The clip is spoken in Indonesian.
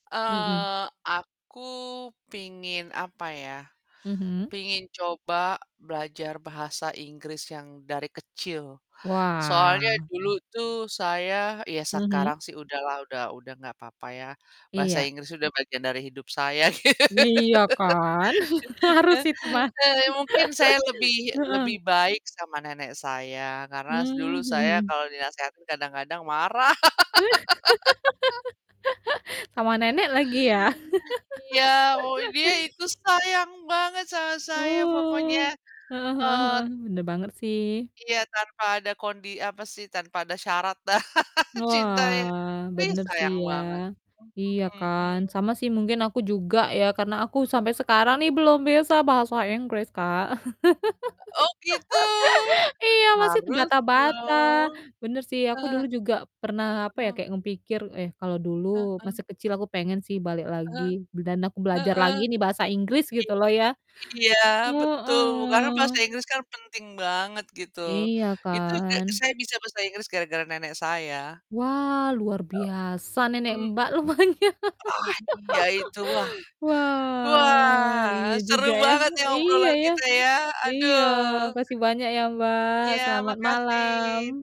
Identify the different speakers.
Speaker 1: Mhm.
Speaker 2: Eee, aku pingin apa ya,
Speaker 1: Mhm.
Speaker 2: pingin coba belajar bahasa Inggris yang dari kecil.
Speaker 1: Wah.
Speaker 2: Soalnya dulu tuh saya ya sekarang
Speaker 1: Mhm.
Speaker 2: sih udahlah udah udah nggak papa ya, bahasa
Speaker 1: Iya.
Speaker 2: Inggris udah bagian dari hidup saya.
Speaker 1: Iya, kan harus itu mah.
Speaker 2: Eee, mungkin saya lebih
Speaker 1: Heeh.
Speaker 2: lebih baik sama nenek saya, karena
Speaker 1: Mmm,
Speaker 2: dulu
Speaker 1: mhm
Speaker 2: saya
Speaker 1: mhm.
Speaker 2: kalau dinasehatin kadang-kadang marah.
Speaker 1: Sama nenek lagi ya.
Speaker 2: Iya, o dia itu sayang banget sama saya pokoknya,
Speaker 1: Wah, heeh heeh heeh.
Speaker 2: eee
Speaker 1: Bener banget sih.
Speaker 2: Iya tanpa ada kondi apa sih, tanpa ada syarat dah, cinta ya.
Speaker 1: Wah,
Speaker 2: Ih,
Speaker 1: bener sih
Speaker 2: sayang
Speaker 1: ya,
Speaker 2: banget.
Speaker 1: iya
Speaker 2: Mhm mhm.
Speaker 1: kan sama sih mungkin aku juga ya, karena aku sampai sekarang nih belum bisa bahasa Inggris Kak.
Speaker 2: Oh gitu,
Speaker 1: Iya, masih
Speaker 2: harus
Speaker 1: terbata-bata,
Speaker 2: dong.
Speaker 1: bener sih aku
Speaker 2: Heeh, iya,
Speaker 1: dulu juga pernah, apa ya,
Speaker 2: heeh.
Speaker 1: kayak nge pikir, "Eh, kalau dulu
Speaker 2: Heeh.
Speaker 1: masih kecil aku pengen sih balik lagi,
Speaker 2: Heeh,
Speaker 1: b dan aku belajar
Speaker 2: heeh.
Speaker 1: lagi nih bahasa Inggris," gitu
Speaker 2: Iya.
Speaker 1: loh ya.
Speaker 2: Iya, betul, karena bahasa
Speaker 1: Heeh.
Speaker 2: Inggris kan penting banget gitu.
Speaker 1: Iya
Speaker 2: Itu ge
Speaker 1: kan.
Speaker 2: saya bisa bahasa Inggris gara-gara nenek saya.
Speaker 1: Wow, luar
Speaker 2: Gitu,
Speaker 1: biasa nenek
Speaker 2: mmm.
Speaker 1: Mbak, lupanya.
Speaker 2: Wah, iya itu, wah.
Speaker 1: Wah.
Speaker 2: Wah
Speaker 1: iya
Speaker 2: seru
Speaker 1: juga. ya.
Speaker 2: banget ya,
Speaker 1: Iya,
Speaker 2: obrolan
Speaker 1: ya.
Speaker 2: kita ya,
Speaker 1: Iya,
Speaker 2: aduh
Speaker 1: makasih banyak ya Mbak,
Speaker 2: Iya,
Speaker 1: selamat
Speaker 2: makasih.
Speaker 1: malam.